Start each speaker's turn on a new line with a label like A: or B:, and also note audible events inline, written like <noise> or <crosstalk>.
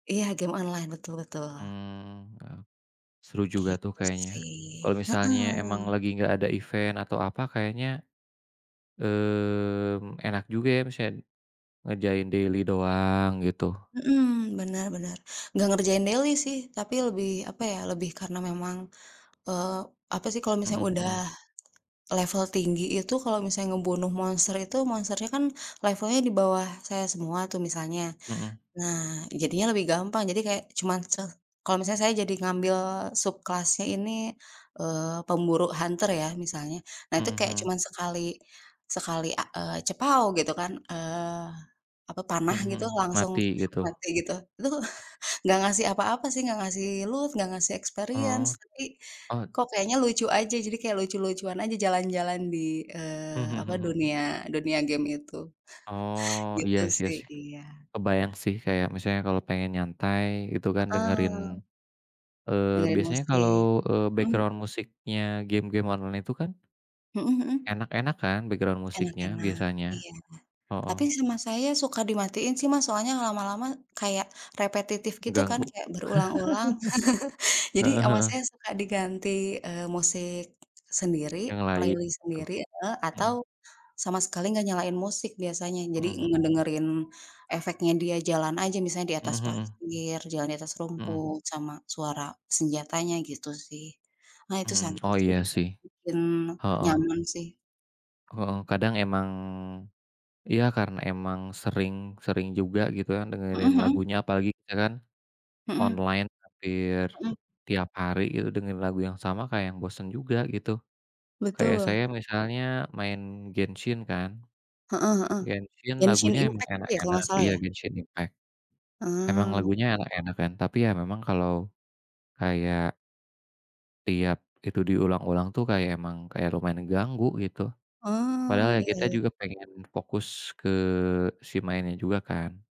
A: Iya game online, betul betul.
B: Mmm. Heeh, seru juga, tuh,
A: Gitu,
B: kayaknya, kalau
A: sih,
B: misalnya emang
A: heeh.
B: lagi nggak ada event atau apa kayaknya, mmm, enak juga, ya, maksudnya ngerjain daily doang gitu.
A: Mhm, bener bener. Nggak ngerjain daily sih, tapi lebih apa, ya, lebih karena memang, eee, apa, sih, kalau misalnya
B: Mhm
A: udah
B: mhm.
A: level tinggi itu kalau misalnya ngebunuh monster itu, monsternya, kan, levelnya di bawah saya semua, tuh, misalnya.
B: Mhm.
A: Nah, jadinya lebih gampang jadi kayak cuman se kalau misalnya saya jadi ngambil subclass-nya ini, eee, pemburu hunter ya, misalnya, nah
B: Mhm
A: itu kayak
B: mhm.
A: cuman sekali sekali a eee, cepaw gitu, kan, eee, apa panah
B: Mhm mhm.
A: gitu, langsung
B: Mati gitu?
A: mati gitu. Itu, nggak ngasih apa-apa sih, nggak ngasih loot, nggak ngasih experience.
B: Oh,
A: Tapi,
B: oh
A: kok, kayaknya lucu aja jadi kayak lucu-lucuan aja jalan-jalan di
B: Mhm
A: eee,
B: mhm
A: apa,
B: mhm mhm.
A: dunia dunia game itu.
B: Oh, iya,
A: Gitu,
B: sih, iya,
A: sih,
B: sih.
A: iya.
B: Kebayang, sih, kayak misalnya kalau pengen nyantai itu, kan, dengerin
A: Heeh.
B: eee,
A: Dengerin
B: biasanya kalau,
A: musik,
B: eee,
A: mhm
B: background
A: mhm.
B: musiknya game-game online itu, kan
A: Mhm mhm.
B: Enak-enak, kan, background musiknya
A: Enak-enak,
B: biasanya.
A: iya, tapi
B: Heeh.
A: sama saya suka dimatiin, sih Mas, soalnya lama-lama kayak repetitif gitu kan
B: Ganggu.
A: kayak berulang-ulang, <laughs>
B: <laughs>
A: jadi
B: Heeh
A: sama
B: heeh.
A: saya suka diganti, eee, musik sendiri,
B: Yang lain,
A: playlist
B: gitu.
A: sendiri, heeh,
B: Mhm.
A: atau sama sekali nggak nyalain musik biasanya
B: Mhm
A: jadi
B: mhm.
A: ngedengerin efeknya dia jalan aja misalnya di
B: Mhm
A: atas
B: mhm.
A: pasir, jalan di atas
B: Mhm.
A: rumput, sama suara senjatanya gitu, sih. Nah itu
B: Mhm,
A: sama,
B: <tsk> oh,
A: sih,
B: iya,
A: juga
B: sih.
A: bikin
B: Heeh.
A: nyaman, sih.
B: Heeh. Kadang emang iya karena emang sering sering juga gitu, ya,
A: Mhm
B: dengerin
A: mhm.
B: lagunya apalagi, ka kan,
A: Mhm.
B: online hampir
A: Mhm.
B: tiap hari itu dengerin lagu yang sama kayak yang bosen juga gitu. Kayak saya
A: Betul.
B: misalnya main Genshin, kan,
A: Heeh heeh.
B: Genshin
A: Genshin
B: lagunya emang
A: Impact itu, ya, kalau
B: enak-enak
A: nggak salah,
B: iya,
A: ya?
B: Genshin Impact. Emang
A: Ah.
B: lagunya enak-enak, kan, tapi, ya, memang kalau kayak tiap itu diulang-ulang, tuh, kayak emang kayak lumayan ganggu gitu, padahal,
A: Ah,
B: ya,
A: iya iya
B: kita
A: iya.
B: juga pengen fokus ke si mainnya juga, kan.